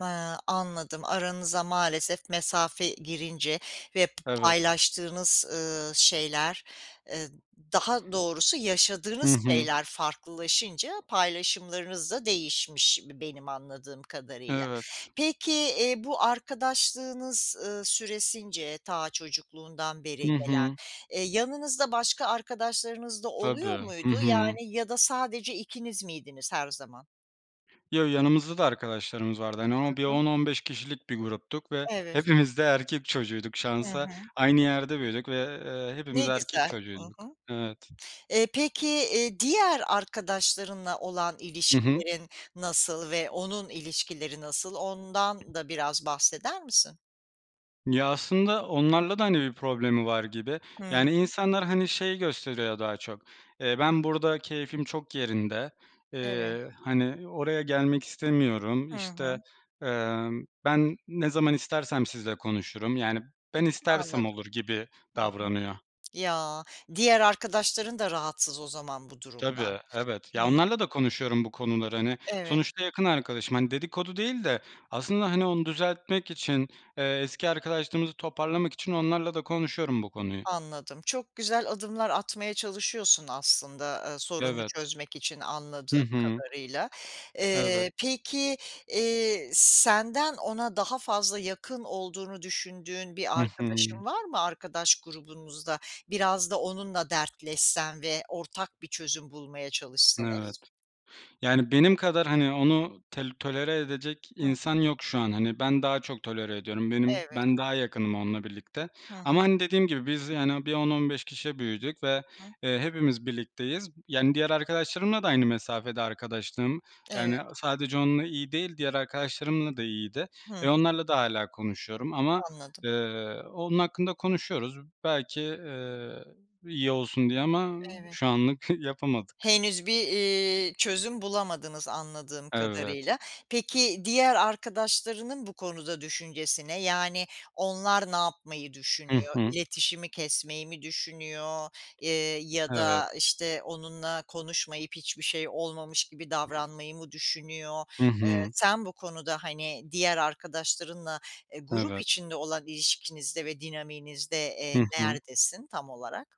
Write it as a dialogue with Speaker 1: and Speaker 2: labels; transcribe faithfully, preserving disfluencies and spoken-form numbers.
Speaker 1: Hıı, anladım. Aranıza maalesef mesafe girince ve p
Speaker 2: Evet.
Speaker 1: paylaştığınız, ııı, şeyler, ııı, daha doğrusu
Speaker 2: Hı
Speaker 1: yaşadığınız
Speaker 2: hı.
Speaker 1: şeyler farklılaşınca paylaşımlarınız da değişmiş b benim anladığım kadarıyla.
Speaker 2: Evet.
Speaker 1: Peki, iii, bu arkadaşlığınız, ııı, süresince ta çocukluğundan beri
Speaker 2: Hı
Speaker 1: gelen,
Speaker 2: hı.
Speaker 1: eee, yanınızda başka arkadaşlarınız da oluyor
Speaker 2: Tabii. Hı
Speaker 1: muydu?
Speaker 2: hı.
Speaker 1: Yani ya da sadece ikiniz miydiniz her zaman?
Speaker 2: Yo, yanımızda da arkadaşlarımız vardı. Hani, bir
Speaker 1: Hı hı.
Speaker 2: on on beş kişilik bir gruptuk ve
Speaker 1: Evet.
Speaker 2: hepimiz de erkek çocuğuyduk
Speaker 1: Hı
Speaker 2: şansa.
Speaker 1: hı.
Speaker 2: Aynı yerde büyüdük ve eee hepimiz
Speaker 1: Ne
Speaker 2: erkek
Speaker 1: güzel. Hı
Speaker 2: çocuğuyduk.
Speaker 1: hı.
Speaker 2: Evet.
Speaker 1: Eee, peki, iii, diğer arkadaşlarınla olan
Speaker 2: Hı hı.
Speaker 1: ilişkilerin nasıl? Ve onun ilişkileri nasıl? Ondan da biraz bahseder misin?
Speaker 2: Ya, aslında onlarla da, hani, bir problemi var gibi.
Speaker 1: Hıı.
Speaker 2: Yani, insanlar, hani, şeyi gösteriyor daha çok: "Eee, ben burada keyfim çok yerinde.
Speaker 1: Evet.
Speaker 2: Eee, hani, oraya gelmek istemiyorum.
Speaker 1: Hı
Speaker 2: İşte,
Speaker 1: hı.
Speaker 2: emm, ben ne zaman istersem sizinle konuşurum. Yani, ben
Speaker 1: A
Speaker 2: istersem
Speaker 1: anladım.
Speaker 2: olur." gibi
Speaker 1: Hı hı.
Speaker 2: davranıyor.
Speaker 1: Ya, diğer arkadaşların da rahatsız o zaman bu durumdan.
Speaker 2: Tabii, evet. Ya,
Speaker 1: Hıı.
Speaker 2: onlarla da konuşuyorum bu konuları. Hani,
Speaker 1: Evet.
Speaker 2: sonuçta yakın arkadaşım. Hani, dedikodu değil de aslında, hani, onu düzeltmek için, eee, eski arkadaşlığımızı toparlamak için onlarla da konuşuyorum bu konuyu.
Speaker 1: Anladım. Çok güzel adımlar atmaya çalışıyorsun aslında, eee, sorunu,
Speaker 2: Evet.
Speaker 1: çözmek için
Speaker 2: Hı
Speaker 1: anladığım
Speaker 2: hı.
Speaker 1: kadarıyla.
Speaker 2: Evet.
Speaker 1: Eee, peki, eee, senden ona daha fazla yakın olduğunu düşündüğün
Speaker 2: Hı
Speaker 1: bir
Speaker 2: hı.
Speaker 1: arkadaşın var mı, arkadaş grubunuzda? Biraz da onunla dertleşsen ve ortak bir çözüm bulmaya
Speaker 2: N evet.
Speaker 1: çalışsanız.
Speaker 2: Yani, benim kadar, hani, onu tel tolere edecek
Speaker 1: Hı
Speaker 2: insan
Speaker 1: hı.
Speaker 2: yok şu an. Hani, ben daha çok tolere ediyorum. Benim
Speaker 1: Evet.
Speaker 2: ben daha yakınım onunla birlikte.
Speaker 1: Hı hı.
Speaker 2: Ama, hani, dediğim gibi biz, yani, bir on on beş kişi büyüdük ve,
Speaker 1: Hı.
Speaker 2: eee, hepimiz birlikteyiz. B yani, diğer arkadaşlarımla da aynı mesafede arkadaşlığım.
Speaker 1: Evet.
Speaker 2: Yani, sadece onunla iyi değil, diğer arkadaşlarımla da iyiydi.
Speaker 1: Hı
Speaker 2: E,
Speaker 1: hı.
Speaker 2: onlarla da hâlâ konuşuyorum. Ama,
Speaker 1: Anladım.
Speaker 2: ııı, onun hakkında konuşuyoruz. Belki, ııı, iyi olsun diye ama şu
Speaker 1: Evet.
Speaker 2: anlık yapamadık.
Speaker 1: Henüz bir, iii, çözüm bulamadınız anladığım
Speaker 2: Evet.
Speaker 1: kadarıyla. Peki diğer arkadaşlarının bu konuda düşüncesi ne? Yani onlar ne yapmayı
Speaker 2: Hı
Speaker 1: düşünüyor?
Speaker 2: hı.
Speaker 1: İletişimi kesmeyi mi düşünüyor? Eee, ya
Speaker 2: Evet.
Speaker 1: da, işte, onunla konuşmayıp hiçbir şey olmamış gibi davranmayı mı düşünüyor?
Speaker 2: Hı
Speaker 1: Eee,
Speaker 2: hı.
Speaker 1: sen bu konuda, hani, diğer arkadaşlarınla, eee, grup
Speaker 2: Evet.
Speaker 1: içinde olan ilişkinizde ve dinamiğinizde, eee,
Speaker 2: Hı hı.
Speaker 1: neredesin tam olarak?